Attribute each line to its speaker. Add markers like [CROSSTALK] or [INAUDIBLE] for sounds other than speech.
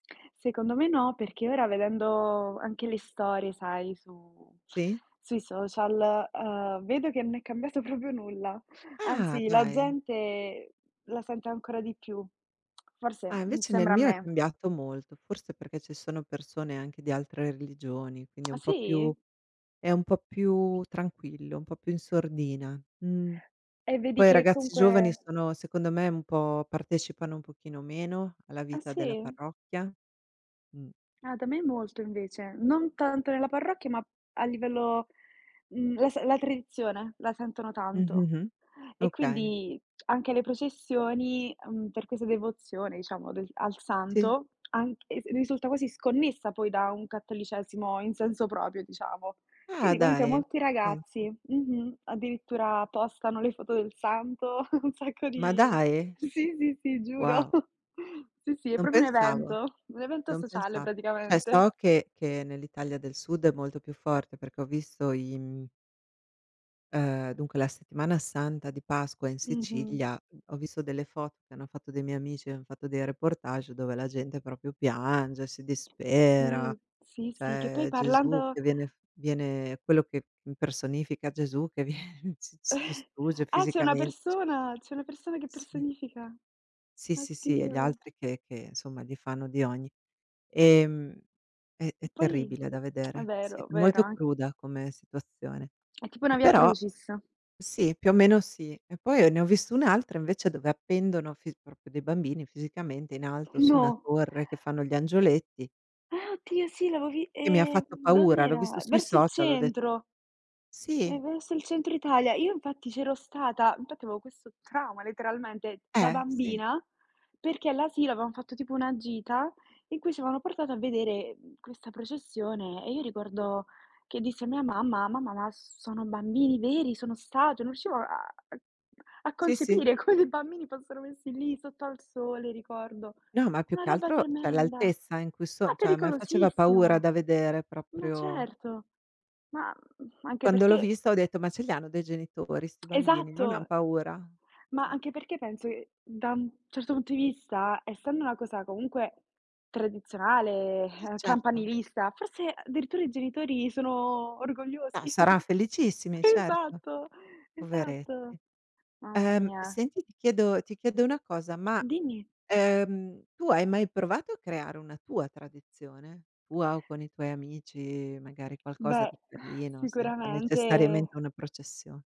Speaker 1: Secondo me no, perché ora vedendo anche le storie, sai, su
Speaker 2: Sì.
Speaker 1: sui social, uhm, vedo che non è cambiato proprio nulla,
Speaker 2: Ah!
Speaker 1: anzi la
Speaker 2: Dai.
Speaker 1: gente la sente ancora di più. [SMACKS LIPS] Forse,
Speaker 2: Ah,
Speaker 1: mhmm,
Speaker 2: invece nel
Speaker 1: sembra a
Speaker 2: mio è
Speaker 1: me.
Speaker 2: cambiato molto, forse perché ci sono persone anche di altre religioni, quindi è
Speaker 1: Ah,
Speaker 2: un po' più
Speaker 1: sì?
Speaker 2: è un po' più tranquillo, un po' più in sordina, mh.
Speaker 1: E vedi
Speaker 2: Poi i
Speaker 1: che
Speaker 2: ragazzi
Speaker 1: comunque
Speaker 2: giovani sono secondo me un po' partecipano un pochino meno alla
Speaker 1: Ah,
Speaker 2: vita della
Speaker 1: sì?
Speaker 2: parrocchia, mh.
Speaker 1: Ah, da me molto invece, non tanto nella parrocchia ma a livello mhmm, la s la tradizione la sentono tanto,
Speaker 2: Mh-mh-mh,
Speaker 1: e
Speaker 2: okay.
Speaker 1: quindi anche le processioni, mhmm, per questa devozione diciamo, a del al
Speaker 2: Sì.
Speaker 1: santo, anche se risulta quasi sconnessa poi da un cattolicesimo in senso proprio, diciamo.
Speaker 2: Ah,
Speaker 1: Quindi comunque
Speaker 2: dai.
Speaker 1: molti
Speaker 2: Pensa.
Speaker 1: ragazzi, mh-mh, addirittura postano le foto del santo, [CHUCKLES] un sacco
Speaker 2: Ma
Speaker 1: di
Speaker 2: dai!
Speaker 1: sì, sì, sì, sì, giuro.
Speaker 2: Wow.
Speaker 1: [CHUCKLES] Sì, sì, è
Speaker 2: Non
Speaker 1: proprio un
Speaker 2: pensavo.
Speaker 1: evento, un evento
Speaker 2: Non
Speaker 1: sociale
Speaker 2: pensa Cioè
Speaker 1: praticamente.
Speaker 2: so che che nell'Italia del Sud è molto più forte perché ho visto i m Uhm, dunque la Settimana Santa di Pasqua in
Speaker 1: Mh-mh.
Speaker 2: Sicilia, mhmm, ho visto delle foto che hanno fatto dei miei amici, han fatto dei reportage dove la gente proprio piange, si
Speaker 1: Sì,
Speaker 2: dispera,
Speaker 1: sì, sì, che poi
Speaker 2: c'è Gesù
Speaker 1: parlando
Speaker 2: che viene f viene quello che impersonifica Gesù che viene s s si
Speaker 1: [CHUCKLES]
Speaker 2: distrugge
Speaker 1: Ah, c'è una
Speaker 2: fisicamen c
Speaker 1: persona c'è una persona che
Speaker 2: Sì.
Speaker 1: personifica.
Speaker 2: Sì, sì, sì, e gli
Speaker 1: Oddio.
Speaker 2: altri che che, insomma, gli fanno di ogni. Ehm, è è
Speaker 1: Poi
Speaker 2: terribile da
Speaker 1: [SMACKS LIPS] è
Speaker 2: vedere, sì,
Speaker 1: vero, vero,
Speaker 2: molto
Speaker 1: an
Speaker 2: cruda come situazione.
Speaker 1: È tipo
Speaker 2: E
Speaker 1: una Via
Speaker 2: però
Speaker 1: Crucis.
Speaker 2: sì, più o meno sì. E poi ho ne ho vista un'altra invece dove appendono fis proprio dei bambini fisicamente in alto su una
Speaker 1: No.
Speaker 2: torre che fanno gli angioletti.
Speaker 1: Ah, oddio sì! L'avevo vi
Speaker 2: Che mi ha
Speaker 1: ehm,
Speaker 2: fatto paura, l'ho visto
Speaker 1: dov'era?
Speaker 2: sui
Speaker 1: Verso il
Speaker 2: social, ho de
Speaker 1: centro. Eh,
Speaker 2: Sì.
Speaker 1: verso il centro Italia. Io infatti c'ero stata, infatti avevo questo trauma letteralmente da
Speaker 2: Eh, sì.
Speaker 1: bambina, perché all'asilo avevam fatto tipo una gita in cui ci avevano portato a vedere, mhmm, questa processione e io ricordo che dissi a mia mamma: "Mamma, ma sono bambini veri? Sono statue?", non riuscivo a a
Speaker 2: Sì, sì.
Speaker 1: concepire come dei bambini fossero messi lì sotto al sole, ricordo.
Speaker 2: No, ma più
Speaker 1: Una
Speaker 2: che
Speaker 1: roba
Speaker 2: altro, cioè
Speaker 1: tremenda!
Speaker 2: l'altezza in cui
Speaker 1: Ma
Speaker 2: so cioè a me faceva paura
Speaker 1: pericolosissimo.
Speaker 2: da vedere
Speaker 1: Ma
Speaker 2: proprio.
Speaker 1: certo. Ma, mhmm, anche
Speaker 2: Quando l'ho
Speaker 1: perché
Speaker 2: vista ho detto: "Ma ce li hanno dei genitori 'sti bambini? Non han
Speaker 1: Esatto.
Speaker 2: paura?"
Speaker 1: Ma
Speaker 2: Ma
Speaker 1: anche perché penso che da un certo punto di vista, essendo una cosa comunque tradizionale,
Speaker 2: Sì,
Speaker 1: ehm,
Speaker 2: certo.
Speaker 1: campanilista, forse addirittura i genitori sono
Speaker 2: Ah,
Speaker 1: orgogliosi.
Speaker 2: saran
Speaker 1: [CHUCKLES]
Speaker 2: felicissimi, certo.
Speaker 1: Esatto! Esatto.
Speaker 2: Poveretti.
Speaker 1: Mamma
Speaker 2: Ehm,
Speaker 1: mia.
Speaker 2: senti, ti chiedo ti chiedo una cosa: ma,
Speaker 1: Dimmi.
Speaker 2: ehm, tu hai mai provato a creare una tua tradizione, tua o con i tuoi amici, magari qualcosa
Speaker 1: Beh,
Speaker 2: di carino, senza
Speaker 1: sicuramente.
Speaker 2: necessariamente una processio